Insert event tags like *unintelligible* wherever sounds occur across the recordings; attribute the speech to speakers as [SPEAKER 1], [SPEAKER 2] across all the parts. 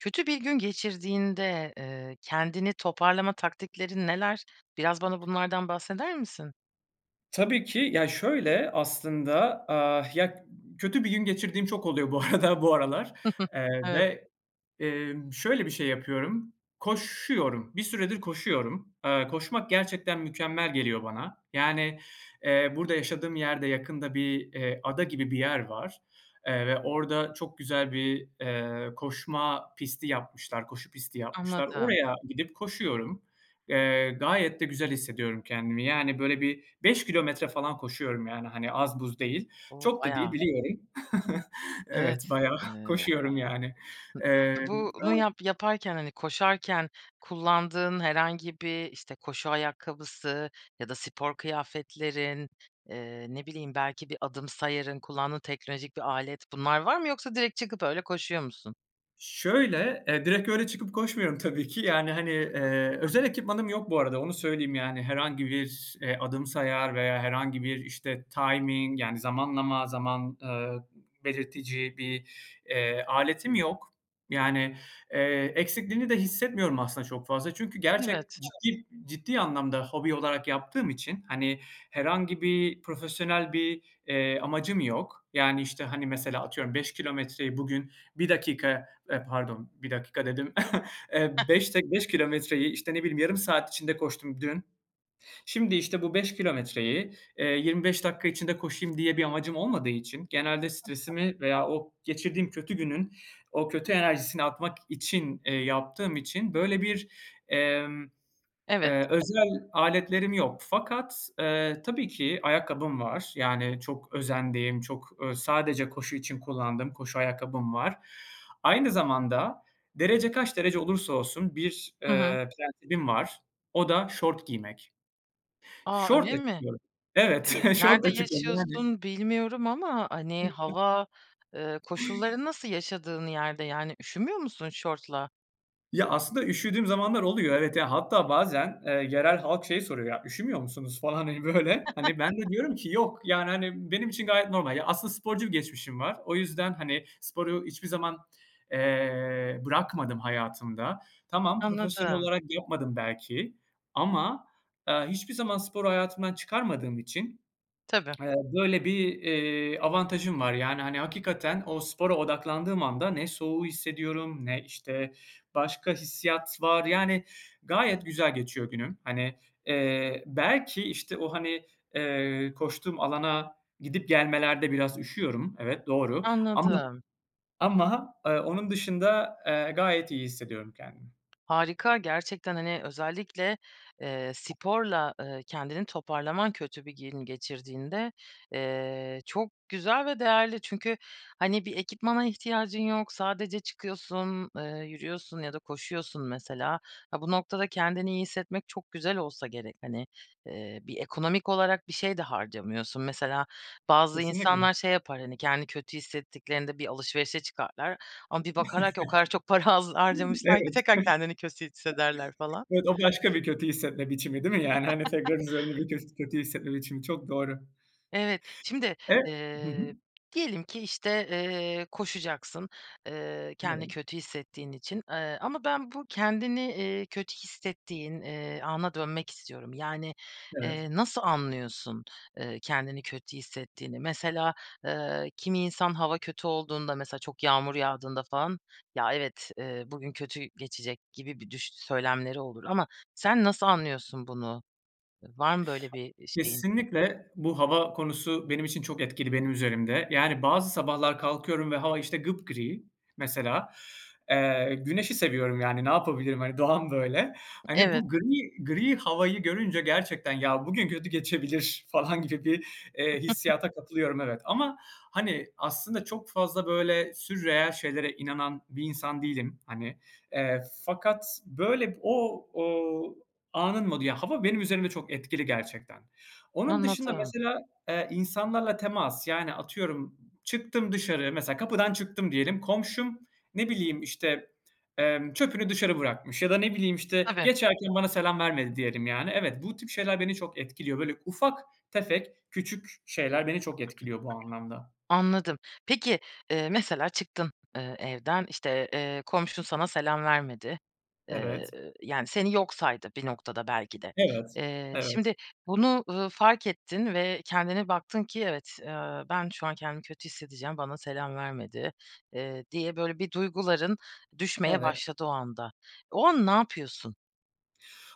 [SPEAKER 1] Kötü bir gün geçirdiğinde, eee, kendini toparlama taktiklerin neler? Biraz bana bunlardan bahseder misin?
[SPEAKER 2] Tabii ki. Ya, şöyle aslında, aaa, ya, ııı, kötü bir gün geçirdiğim çok oluyor bu arada bu aralar,
[SPEAKER 1] *chuckles*
[SPEAKER 2] eee,
[SPEAKER 1] Evet.
[SPEAKER 2] ve, eee, şöyle bir şey yapıyorum, koşuyorum, bir süredir koşuyorum. Eee, koşmak gerçekten mükemmel geliyor bana. Yani, eee, burada yaşadığım yerde yakında bir, eee, ada gibi bir yer var, eee, ve orada çok güzel bir, eee, koşma pisti yapmışlar, koşu pisti yapmışlar.
[SPEAKER 1] Anladım.
[SPEAKER 2] Oraya gidip koşuyorum. Eee, gayet de güzel hissediyorum kendimi. Yani, böyle, bir 5 kilometre falan koşuyorum, yani, hani, az buz değil.
[SPEAKER 1] O,
[SPEAKER 2] Çok da değil
[SPEAKER 1] bayağı.
[SPEAKER 2] biliyorum. *chuckles* Evet,
[SPEAKER 1] Evet,
[SPEAKER 2] bayağı
[SPEAKER 1] eee
[SPEAKER 2] koşuyorum, yani.
[SPEAKER 1] Hı,
[SPEAKER 2] Emm,
[SPEAKER 1] bu bunu
[SPEAKER 2] e
[SPEAKER 1] yap yaparken, hani, koşarken kullandığın herhangi bir, işte, koşu ayakkabısı ya da spor kıyafetlerin, eee, ne bileyim, belki bir adım sayarın, kullandığın teknolojik bir alet, bunlar var mı yoksa direkt çıkıp öyle koşuyor musun?
[SPEAKER 2] Şöyle, e, direkt öyle çıkıp koşmuyorum tabii ki, yani, hani, eee, özel ekipmanım yok bu arada onu söyleyeyim, yani, herhangi bir, eee, adım sayar veya herhangi bir, işte, timing, yani, zamanlama, zaman, eee, belirtici bir, eee, aletim yok. Yani, eee, eksikliğini de hissetmiyorum aslında çok fazla. Çünkü gerçek
[SPEAKER 1] Evet.
[SPEAKER 2] ciddi ciddi anlamda hobi olarak yaptığım için, hani, herhangi bir profesyonel bir, eee, amacım yok. Yani, işte, hani, mesela, atıyorum, 5 kilometreyi bugün 1 dakika, e, pardon, 1 dakika dedim, *chuckles* eee,
[SPEAKER 1] *unintelligible*
[SPEAKER 2] beş d beş kilometreyi, işte, ne bileyim, yarım saat içinde koştum dün. Şimdi, işte, bu 5 kilometreyi, eee, 25 dakika içinde koşayım diye bir amacım olmadığı için genelde
[SPEAKER 1] *unintelligible*
[SPEAKER 2] stresimi veya o geçirdiğim kötü günün o kötü enerjisini atmak için, eee, yaptığım için, böyle, bir, eee,
[SPEAKER 1] Evet.
[SPEAKER 2] eee, özel aletlerim yok. Fakat, eee, tabii ki ayakkabım var, yani, çok özendiğim, çok, eee, sadece koşu için kullandığım koşu ayakkabım var. Aynı zamanda derece kaç derece olursa olsun bir,
[SPEAKER 1] Hı hı.
[SPEAKER 2] eee, prensibim var, o da şort giymek.
[SPEAKER 1] A, öyle
[SPEAKER 2] Şortla
[SPEAKER 1] mi?
[SPEAKER 2] çıkıyorum. Evet,
[SPEAKER 1] Eee,
[SPEAKER 2] *chuckles*
[SPEAKER 1] nerde
[SPEAKER 2] şortla çıkıyorum. *unintelligible*
[SPEAKER 1] yaşıyorsun bilmiyorum ama, hani, hava, eee,
[SPEAKER 2] *gasps*
[SPEAKER 1] koşulların nasıl yaşadığın yerde, yani, üşümüyor musun şortla?
[SPEAKER 2] Ya, aslında üşüdüğüm zamanlar oluyor, evet, ya, hatta bazen, eee, yerel halk şey soruyor, ya, "Üşümüyor musunuz?" falan, hani, böyle. Hani, ben de
[SPEAKER 1] *chuckles*
[SPEAKER 2] diyorum ki "Yok, yani, hani, benim için gayet normal." Ya, aslında sporcu bir geçmişim var, o yüzden, hani, sporu hiçbir zaman, eee, bırakmadım hayatımda. Tamam, profesyonel
[SPEAKER 1] Anladım.
[SPEAKER 2] olarak yapmadım belki ama, eee, hiçbir zaman sporu hayatımdan çıkarmadığım için
[SPEAKER 1] Tabii.
[SPEAKER 2] *smacks lips* eee, böyle bir, eee, avantajım var, yani, hani, hakikaten o spora odaklandığım anda ne soğuğu hissediyorum ne, işte, başka hissiyat var. Yani, gayet güzel geçiyor günüm. Hani, eee, belki, işte, o, hani, eee, koştuğum alana gidip gelmelerde biraz üşüyorum, evet, doğru ama,
[SPEAKER 1] Anladım.
[SPEAKER 2] ama, ııı, onun dışında, eee, gayet iyi hissediyorum kendimi.
[SPEAKER 1] Harika, gerçekten, hani, özellikle, eee, sporla, eee, kendini toparlaman kötü bir gün geçirdiğinde, eee, çok güzel ve değerli. Çünkü, hani, bir ekipmana ihtiyacın yok, sadece çıkıyorsun, eee, yürüyorsun ya da koşuyorsun mesela. Ha, bu noktada kendini iyi hissetmek çok güzel olsa gerek, hani, eee, bir ekonomik olarak bir şey de harcamıyorsun. Mesela bazı
[SPEAKER 2] Kesinlikle.
[SPEAKER 1] insanlar şey yapar, hani, kendini kötü hissettiklerinde bir alışverişe çıkarlar ama bir bakarlar ki o kadar çok para haz
[SPEAKER 2] *chuckles*
[SPEAKER 1] harcamışlar ki
[SPEAKER 2] Evet.
[SPEAKER 1] tekrar kendini kötü hissederler falan.
[SPEAKER 2] Evet, o başka bir kötü hissetme biçimi değil mi, yani, hani,
[SPEAKER 1] *chuckles*
[SPEAKER 2] tekrar üzerinde bir kö kötü hissetme biçimi çok doğru.
[SPEAKER 1] Evet, şimdi,
[SPEAKER 2] E Hı hı.
[SPEAKER 1] eee, diyelim ki, işte, eee, koşacaksın, eee, kendini
[SPEAKER 2] Evet.
[SPEAKER 1] kötü hissettiğin için, eee, ama ben bu kendini, eee, kötü hissettiğin, eee, ana dönmek istiyorum. Yani,
[SPEAKER 2] Evet.
[SPEAKER 1] eee, nasıl anlıyorsun, eee, kendini kötü hissettiğini? Mesela, eee, kimi insan hava kötü olduğunda, mesela çok yağmur yağdığında falan, "Ya, evet, eee, bugün kötü geçecek gibi bir düş" söylemleri olur ama sen nasıl anlıyorsun bunu? Var mı böyle bir, iii, şeyin?
[SPEAKER 2] Kesinlikle bu hava konusu benim için çok etkili benim üzerimde. Yani, bazı sabahlar kalkıyorum ve hava işte gıpgri mesela. Eee, güneşi seviyorum, yani, ne yapabilirim, hani, doğam böyle. Hani,
[SPEAKER 1] Evet.
[SPEAKER 2] bu gri gri havayı görünce gerçekten, "Ya, bugün kötü geçebilir." falan gibi, eee,
[SPEAKER 1] *unintelligible*
[SPEAKER 2] hissiyata katılıyorum evet, ama, hani, aslında çok fazla, böyle, sürreal şeylere inanan bir insan değilim hani. Eee, fakat, böyle, o o anın modu, yani, hava benim üzerimde çok etkili gerçekten. Onun dışında
[SPEAKER 1] Anladım.
[SPEAKER 2] mesela, eee, insanlarla temas, yani, atıyorum çıktım dışarı, mesela kapıdan çıktım diyelim, komşum, ne bileyim, işte, eee, çöpünü dışarı bırakmış ya da, ne bileyim, işte,
[SPEAKER 1] Tabii.
[SPEAKER 2] geçerken bana selam vermedi diyelim yani. Evet, bu tip şeyler beni çok etkiliyor. Böyle ufak tefek küçük şeyler beni çok etkiliyor bu anlamda.
[SPEAKER 1] *clears throat* Anladım. Peki, ııı, mesela çıktın, eee, evden, işte, eee, komşun sana selam vermedi. Eee,
[SPEAKER 2] Evet.
[SPEAKER 1] yani, seni yok saydı bir noktada belki de.
[SPEAKER 2] Evet,
[SPEAKER 1] Eee,
[SPEAKER 2] evet.
[SPEAKER 1] şimdi bunu, ııı, fark ettin ve kendine baktın ki evet, eee, "Ben şu an kendimi kötü hissedeceğim, bana selam vermedi." eee, diye böyle bir duyguların düşmeye
[SPEAKER 2] Evet.
[SPEAKER 1] başladı o anda. O an ne yapıyorsun?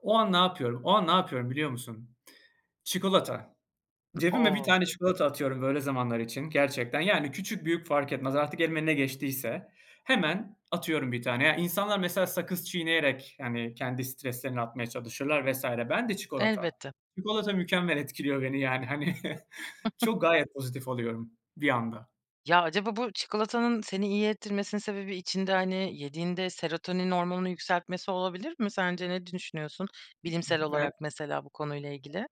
[SPEAKER 2] O an ne yapıyorum? O an ne yapıyorum biliyor musun? Çikolata.
[SPEAKER 1] I
[SPEAKER 2] Cebime 1
[SPEAKER 1] O.
[SPEAKER 2] tane çikolata atıyorum böyle zamanlar için gerçekten. Yani, küçük büyük fark etmez artık elime ne geçtiyse hemen atıyorum 1 tane. İnsanlar mesela sakız çiğneyerek, yani, kendi streslerini atmaya çalışırlar vs. Ben de çikolata.
[SPEAKER 1] Elbette.
[SPEAKER 2] Çikolata mükemmel etkiliyor beni, yani, hani, *chuckles* çok gayet pozitif oluyorum bir anda.
[SPEAKER 1] Ya, acaba bu çikolatanın seni iyi ettirmesinin sebebi içinde, hani, yediğinde serotonin hormonunu yükseltmesi olabilir mi sence ne düşünüyorsun bilimsel
[SPEAKER 2] Ve
[SPEAKER 1] olarak mesela bu konuyla ilgili?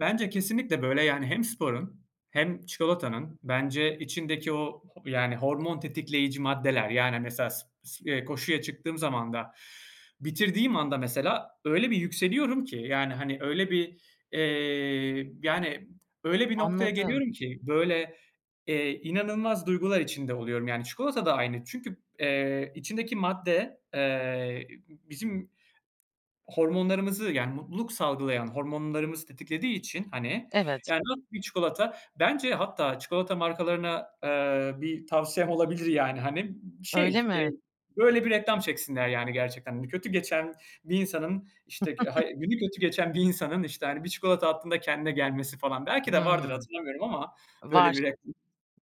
[SPEAKER 2] Bence kesinlikle, böyle, yani, hem sporun hem çikolatanın bence içindeki o, ho yani, hormon tetikleyici maddeler, yani, mesela s s eee, koşuya çıktığım zaman da, bitirdiğim anda mesela öyle bir yükseliyorum ki, yani, hani, öyle bir, eee, yani, öyle bir noktaya
[SPEAKER 1] Anladım.
[SPEAKER 2] geliyorum ki, böyle, eee, inanılmaz duygular içinde oluyorum, yani, çikolata da aynı. Çünkü, eee, içindeki madde, eee, bizim hormonlarımızı, yani, mutluluk salgılayan hormonlarımızı tetiklediği için, hani,
[SPEAKER 1] Evet.
[SPEAKER 2] yani, nasıl bir çikolata, bence hatta çikolata markalarına, eee, bir tavsiyem olabilir, yani, hani,
[SPEAKER 1] Öyle
[SPEAKER 2] şey, eee,
[SPEAKER 1] mi?
[SPEAKER 2] böyle bir reklam çeksinler, yani, gerçekten. Hani, kötü geçen bir insanın, işte, g ha
[SPEAKER 1] *chuckles*
[SPEAKER 2] günü kötü geçen bir insanın, işte, hani, 1 çikolata attığında kendine gelmesi falan, belki de vardır
[SPEAKER 1] Hımm,
[SPEAKER 2] hatırlamıyorum ama
[SPEAKER 1] var.
[SPEAKER 2] böyle bir reklam.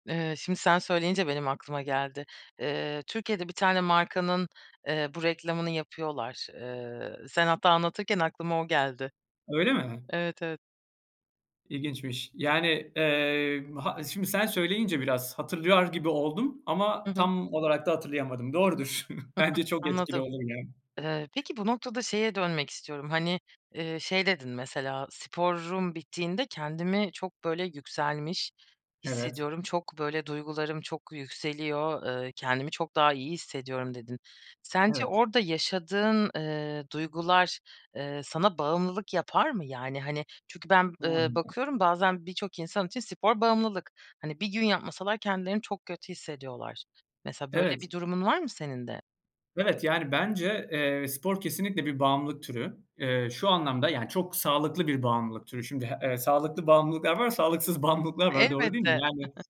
[SPEAKER 1] Eee, şimdi sen söyleyince benim aklıma geldi. Eee, Türkiye'de bir tane markanın, eee, bu reklamını yapıyorlar. Eee, sen hatta anlatırken aklıma o geldi.
[SPEAKER 2] Öyle mi?
[SPEAKER 1] Evet, evet.
[SPEAKER 2] İlginçmiş. Yani, emm, ha şimdi sen söyleyince biraz hatırlar gibi oldum
[SPEAKER 1] Hı
[SPEAKER 2] ama
[SPEAKER 1] hı.
[SPEAKER 2] tam olarak da hatırlayamadım. Doğrudur. *chuckles*
[SPEAKER 1] *giggles*
[SPEAKER 2] Bence çok etkili
[SPEAKER 1] Anladım.
[SPEAKER 2] olur ya.
[SPEAKER 1] Eee, peki, bu noktada şeye dönmek istiyorum, hani, eee, şey dedin mesela, "Sporum bittiğinde kendimi çok böyle yükselmiş
[SPEAKER 2] Evet.
[SPEAKER 1] hissediyorum. Çok böyle duygularım çok yükseliyor, eee, kendimi çok daha iyi hissediyorum." dedin. Sence
[SPEAKER 2] Evet.
[SPEAKER 1] orada yaşadığın, eee, duygular, eee, sana bağımlılık yapar mı? Yani, hani, çünkü ben, eee,
[SPEAKER 2] *unintelligible*
[SPEAKER 1] bakıyorum bazen birçok insan için spor bağımlılık. Hani, 1 gün yapmasalar kendilerini çok kötü hissediyorlar. Mesela, böyle bir
[SPEAKER 2] Evet.
[SPEAKER 1] durumun var mı senin de?
[SPEAKER 2] Evet, yani, bence, eee, spor kesinlikle bir bağımlılık türü. Eee, şu anlamda yani çok sağlıklı bir bağımlılık türü. Şimdi, eee, sağlıklı bağımlılıklar var, sağlıksız bağımlılıklar var, doğru değil mi?
[SPEAKER 1] Elbette.
[SPEAKER 2] Yani,
[SPEAKER 1] *chuckles*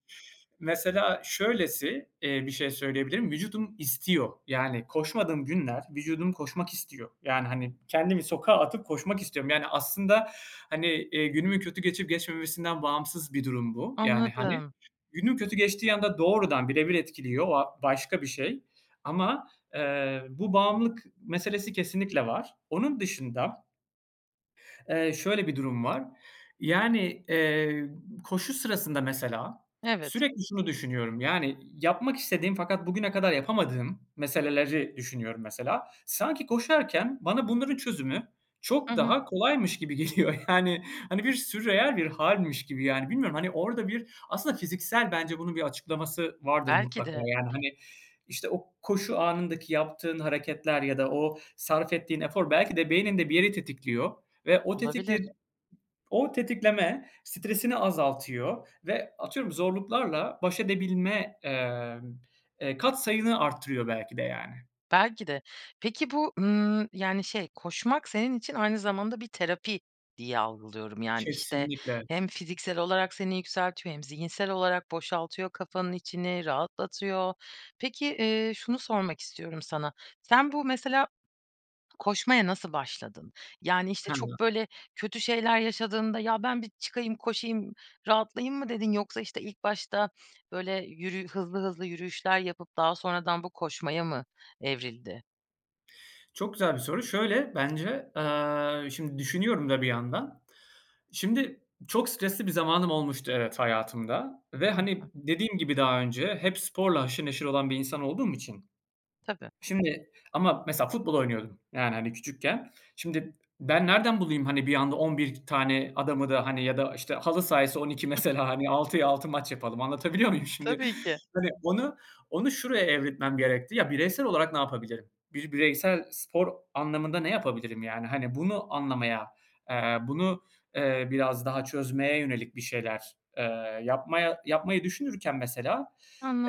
[SPEAKER 2] mesela şöylesi, eee, bir şey söyleyebilirim: Vücudum istiyor. Yani koşmadığım günler vücudum koşmak istiyor, yani, hani, kendimi sokağa atıp koşmak istiyorum. Yani aslında, hani, eee, günümün kötü geçip geçmemesinden bağımsız bir durum bu, yani, hani.
[SPEAKER 1] Anladım.
[SPEAKER 2] Günüm kötü geçtiği anda doğrudan bire bir etkiliyor, o a başka bir şey. Ama, eee, bu bağımlılık meselesi kesinlikle var. Onun dışında eee, şöyle bir durum var: Yani, eee, koşu sırasında, mesela
[SPEAKER 1] Evet.
[SPEAKER 2] sürekli şunu düşünüyorum, yani, yapmak istediğim fakat bugüne kadar yapamadığım meseleleri düşünüyorum mesela. Sanki koşarken bana bunların çözümü
[SPEAKER 1] Hı
[SPEAKER 2] çok
[SPEAKER 1] hı.
[SPEAKER 2] daha kolaymış gibi geliyor, yani. Hani, bir sürreal bir hâlmiş gibi yani. Bilmiyorum, hani, orada bir aslında fiziksel, bence, bunun bir açıklaması vardır
[SPEAKER 1] Belki
[SPEAKER 2] mutlaka.
[SPEAKER 1] de.
[SPEAKER 2] Yani, hani, işte, o koşu anındaki yaptığın hareketler ya da o sarf ettiğin efor belki de beyninde bir yeri tetikliyor ve o
[SPEAKER 1] Olabilir.
[SPEAKER 2] tetikledi o tetikleme stresini azaltıyor ve atıyorum zorluklarla baş edebilme, emm, eee, katsayını arttırıyor belki de, yani.
[SPEAKER 1] Belki de. Peki bu, ııı, yani, şey, koşmak senin için aynı zamanda bir terapi diye algılıyorum. Yani, işte,
[SPEAKER 2] Kesinlikle.
[SPEAKER 1] hem fiziksel olarak seni yükseltiyor hem zihinsel olarak boşaltıyor kafanın içini, rahatlatıyor. Peki, eee, şunu sormak istiyorum sana: Sen bu, mesela, koşmaya nasıl başladın? Yani, işte, çok
[SPEAKER 2] *unintelligible*
[SPEAKER 1] böyle kötü şeyler yaşadığında, "Ya, ben bir çıkayım, koşayım, rahatlayayım." mı dedin? Yoksa, işte, ilk başta böyle, yürü hızlı hızlı yürüyüşler yapıp daha sonradan bu koşmaya mı evrildi?
[SPEAKER 2] Çok güzel bir soru. Şöyle bence, eee, şimdi düşünüyorum da bir yandan. Şimdi, çok stresli bir zamanım olmuştu evet, hayatımda ve,
[SPEAKER 1] Hı hı.
[SPEAKER 2] hani, dediğim gibi daha önce, hep sporla haşır neşir olan bir insan olduğum için
[SPEAKER 1] Tabii.
[SPEAKER 2] Şimdi, ama mesela futbol oynuyordum yani, hani, küçükken. Şimdi, ben nereden bulayım, hani, bir anda 11 tane adamı da, hani, ya da, işte, halı sahaysa 12, mesela, hani,
[SPEAKER 1] *giggles*
[SPEAKER 2] 6'ya 6 maç yapalım, anlatabiliyor muyum, şimdi?
[SPEAKER 1] Tabii ki.
[SPEAKER 2] Hani, onu onu şuraya evriltmem gerekti. "Ya, bireysel olarak ne yapabilirim? Bir bireysel spor anlamında ne yapabilirim yani?" Hani, bunu anlamaya, eee, bunu, eee, biraz daha çözmeye yönelik bir şeyler, eee, yapmaya yapmayı düşünürken, mesela,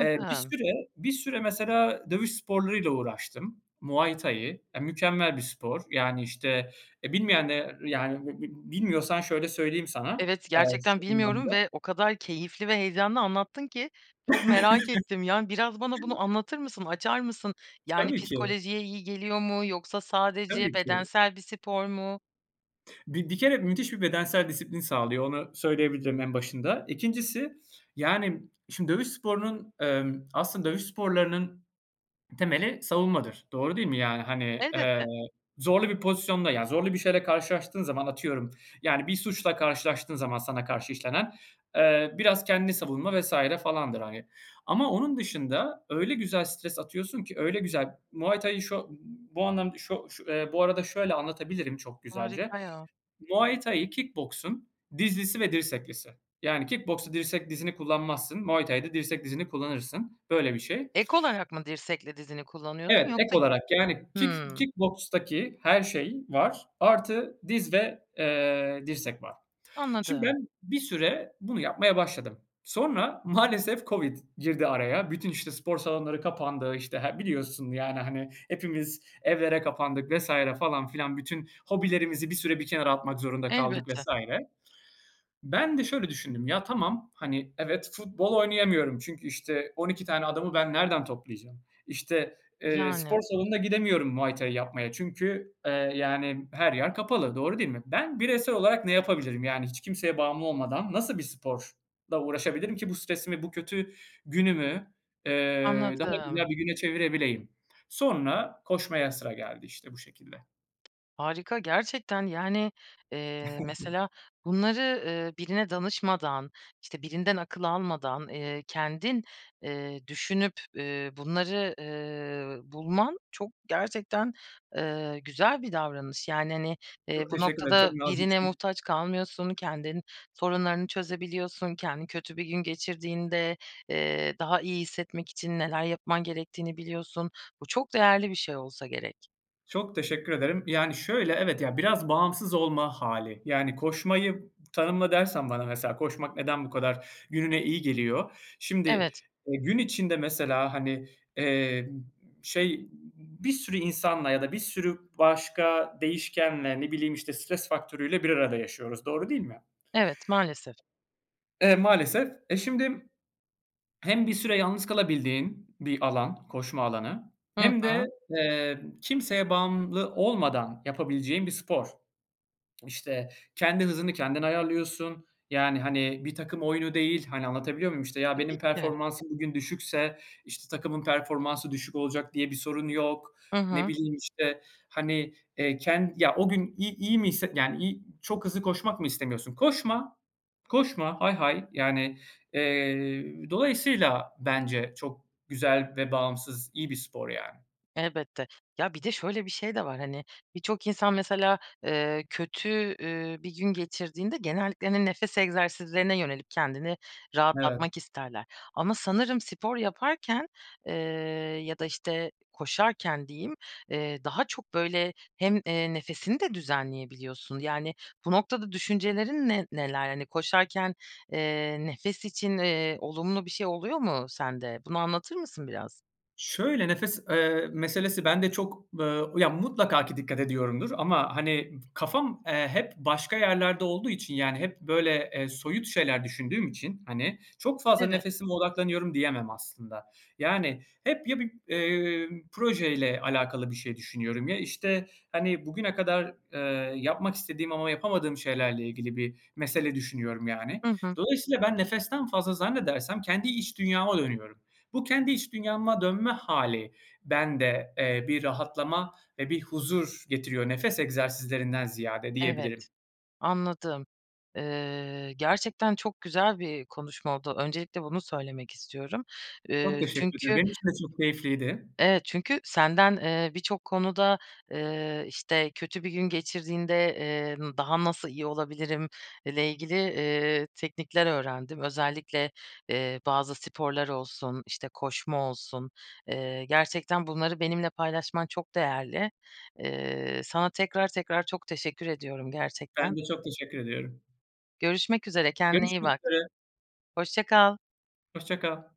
[SPEAKER 2] eee, bir süre bir süre mesela dövüş sporları ile uğraştım. Muay Thai, ya, mükemmel bir spor, yani, işte, e, bilmeyenler yani, b b bilmiyorsan şöyle söyleyeyim sana.
[SPEAKER 1] Evet,
[SPEAKER 2] Eee,
[SPEAKER 1] gerçekten
[SPEAKER 2] şu
[SPEAKER 1] bilmiyorum
[SPEAKER 2] anlamda
[SPEAKER 1] ve o kadar keyifli ve heyecanlı anlattın ki çok merak ettim. Yani, biraz bana bunu
[SPEAKER 2] *chuckles*
[SPEAKER 1] anlatır mısın, açar mısın? Yani,
[SPEAKER 2] Tabii ki.
[SPEAKER 1] psikolojiye iyi geliyor mu yoksa
[SPEAKER 2] Tabii
[SPEAKER 1] sadece
[SPEAKER 2] ki.
[SPEAKER 1] bedensel bir spor mu?
[SPEAKER 2] Bi bir kere müthiş bir bedensel disiplin sağlıyor, onu söyleyebilirim en başında. 2'ncisi, yani şimdi dövüş sporunun, emm, aslında dövüş sporlarının temeli savunmadır. Doğru değil mi? Yani, hani, eee,
[SPEAKER 1] Elbette.
[SPEAKER 2] zorlu bir pozisyonda, yani zorlu bir şeyle karşılaştığın zaman, atıyorum, yani bir suçla karşılaştığın zaman sana karşı işlenen, eee, biraz kendini savunma vs. falandır hani. Ama onun dışında öyle güzel stres atıyorsun ki, öyle güzel Muay Thai şo b bu anlamda şo şu eee, bu arada şöyle anlatabilirim çok güzelce:
[SPEAKER 1] Harika ya.
[SPEAKER 2] Muay Thai, kick boksun dizlisi ve dirseklisi. Yani kick boksta dirsek, dizini kullanmazsın; Muay Thai'da dirsek, dizini kullanırsın, böyle bir şey.
[SPEAKER 1] Ek olarak mı dirsekle dizini
[SPEAKER 2] Evet,
[SPEAKER 1] kullanıyorsun
[SPEAKER 2] ek
[SPEAKER 1] yoksa g
[SPEAKER 2] olarak, yani kick
[SPEAKER 1] Hımm.
[SPEAKER 2] kick bokstaki her şey var, artı diz ve, eee, dirsek var. Şimdi,
[SPEAKER 1] Anladım.
[SPEAKER 2] ben bir süre bunu yapmaya başladım. Sonra maalesef COVID girdi araya, bütün, işte, spor salonları kapandı, işte, he biliyorsun, yani, hani hepimiz evlere kapandık vs. falan filan, bütün hobilerimizi bir süre bir kenara atmak zorunda kaldık vs.
[SPEAKER 1] Elbette.
[SPEAKER 2] Ben de şöyle düşündüm: "Ya, tamam, hani, evet, futbol oynayamıyorum çünkü, işte, 12 tane adamı ben nereden toplayacağım? İşte, eee,
[SPEAKER 1] Yani.
[SPEAKER 2] spor salonuna gidemiyorum Muay Thai yapmaya çünkü, eee, yani her yer kapalı, doğru değil mi? Ben bireysel olarak ne yapabilirim? Yani hiç kimseye bağımlı olmadan nasıl bir sporla uğraşabilirim ki bu stresimi, bu kötü günümü, eee, daha
[SPEAKER 1] Anladım.
[SPEAKER 2] güzel bir güne çevirebileyim?" Sonra koşmaya sıra geldi, işte, bu şekilde.
[SPEAKER 1] Harika gerçekten, yani, eee,
[SPEAKER 2] *chuckles*
[SPEAKER 1] mesela, bunları, ııı, birine danışmadan, işte, birinden akıl almadan, eee, kendin, eee, düşünüp, ü bunları, ııı, bulman çok gerçekten, eee, güzel bir davranış. Yani, hani,
[SPEAKER 2] Çok
[SPEAKER 1] eee, bu
[SPEAKER 2] teşekkür ederim, çok
[SPEAKER 1] noktada birine
[SPEAKER 2] naziksin.
[SPEAKER 1] muhtaç kalmıyorsun, kendin sorunlarını çözebiliyorsun, kendini kötü bir gün geçirdiğinde, eee, daha iyi hissetmek için neler yapman gerektiğini biliyorsun. Bu çok değerli bir şey olsa gerek.
[SPEAKER 2] Çok teşekkür ederim. Yani, şöyle, evet ya, biraz bağımsız olma hâli. Yani, koşmayı tanımla dersen bana, mesela, koşmak neden bu kadar gününe iyi geliyor? Şimdi,
[SPEAKER 1] Evet.
[SPEAKER 2] eee, gün içinde, mesela, hani, eee, şey, bir sürü insanla ya da bir sürü başka değişkenle, ne bileyim, işte, stres faktörüyle bir arada yaşıyoruz. Doğru değil mi?
[SPEAKER 1] Evet, maalesef.
[SPEAKER 2] Eee, maalesef. Eee, şimdi hem bir süre yalnız kalabildiğin bir alan, koşma alanı
[SPEAKER 1] Hı
[SPEAKER 2] hem de,
[SPEAKER 1] hı.
[SPEAKER 2] eee, kimseye bağımlı olmadan yapabileceğin bir spor. İşte, kendi hızını kendin ayarlıyorsun, yani, hani, bir takım oyunu değil, hani, anlatabiliyor muyum? İşte, ya
[SPEAKER 1] Tabii
[SPEAKER 2] benim
[SPEAKER 1] ki.
[SPEAKER 2] performansım bugün düşükse, işte, takımın performansı düşük olacak diye bir sorun yok.
[SPEAKER 1] Hı
[SPEAKER 2] Ne
[SPEAKER 1] hı.
[SPEAKER 2] bileyim, işte, hani, eee, ken ya o gün i-i iyi hisset yani, i iyi, çok hızlı koşmak mı istemiyorsun? Koşma, koşma, hay hay. Yani, eee, dolayısıyla bence çok güzel ve bağımsız, iyi bir spor, yani.
[SPEAKER 1] Elbette. Ya, bir de şöyle bir şey de var, hani, birçok insan, mesela, eee, kötü, ü bir gün geçirdiğinde genellikle, hani, nefes egzersizlerine yönelip kendini
[SPEAKER 2] Evet.
[SPEAKER 1] rahatlatmak isterler. Ama sanırım spor yaparken, eee, ya da, işte, koşarken diyeyim, eee, daha çok, böyle, hem, eee, nefesini de düzenleyebiliyorsun. Yani, bu noktada düşüncelerin ne neler? Hani, koşarken, eee, nefes için, eee, olumlu bir şey oluyor mu sende? Bunu anlatır mısın biraz?
[SPEAKER 2] Şöyle, nefes, ııı, meselesi bende çok, ııı, ya mutlaka ki dikkat ediyorumdur ama, hani, kafam, eee, hep başka yerlerde olduğu için, yani, hep, böyle, eee, soyut şeyler düşündüğüm için, hani, çok fazla
[SPEAKER 1] Evet.
[SPEAKER 2] nefesime odaklanıyorum diyemem aslında. Yani, hep ya bir, eee, projeyle alakalı bir şey düşünüyorum ya, işte, hani, bugüne kadar, ııı, yapmak istediğim ama yapamadığım şeylerle ilgili bir mesele düşünüyorum, yani.
[SPEAKER 1] Hı hı.
[SPEAKER 2] Dolayısıyla ben nefesten fazla zannedersem kendi iç dünyama dönüyorum. Bu kendi iç dünyama dönme hâli bende, eee, bir rahatlama ve bir huzur getiriyor, nefes egzersizlerinden ziyade diyebilirim.
[SPEAKER 1] Evet. Anladım. Iıı, gerçekten çok güzel bir konuşma oldu. Öncelikle bunu söylemek istiyorum.
[SPEAKER 2] Çok
[SPEAKER 1] Iıı,
[SPEAKER 2] teşekkür ederim.
[SPEAKER 1] çünkü
[SPEAKER 2] Benim için de çok keyifliydi.
[SPEAKER 1] Evet, çünkü senden, ııı, birçok konuda, ııı, işte, kötü bir gün geçirdiğinde, ııı, daha nasıl iyi olabilirim ile ilgili, ııı, teknikler öğrendim. Özellikle, eee, bazı sporlar olsun, işte, koşma olsun, eee, gerçekten bunları benimle paylaşman çok değerli. Eee, sana tekrar tekrar çok teşekkür ediyorum
[SPEAKER 2] Ben
[SPEAKER 1] gerçekten.
[SPEAKER 2] de çok teşekkür ediyorum.
[SPEAKER 1] Görüşmek üzere. Kendine iyi
[SPEAKER 2] Görüşmek
[SPEAKER 1] bak.
[SPEAKER 2] üzere.
[SPEAKER 1] Hoşça kal.
[SPEAKER 2] Hoşça kal.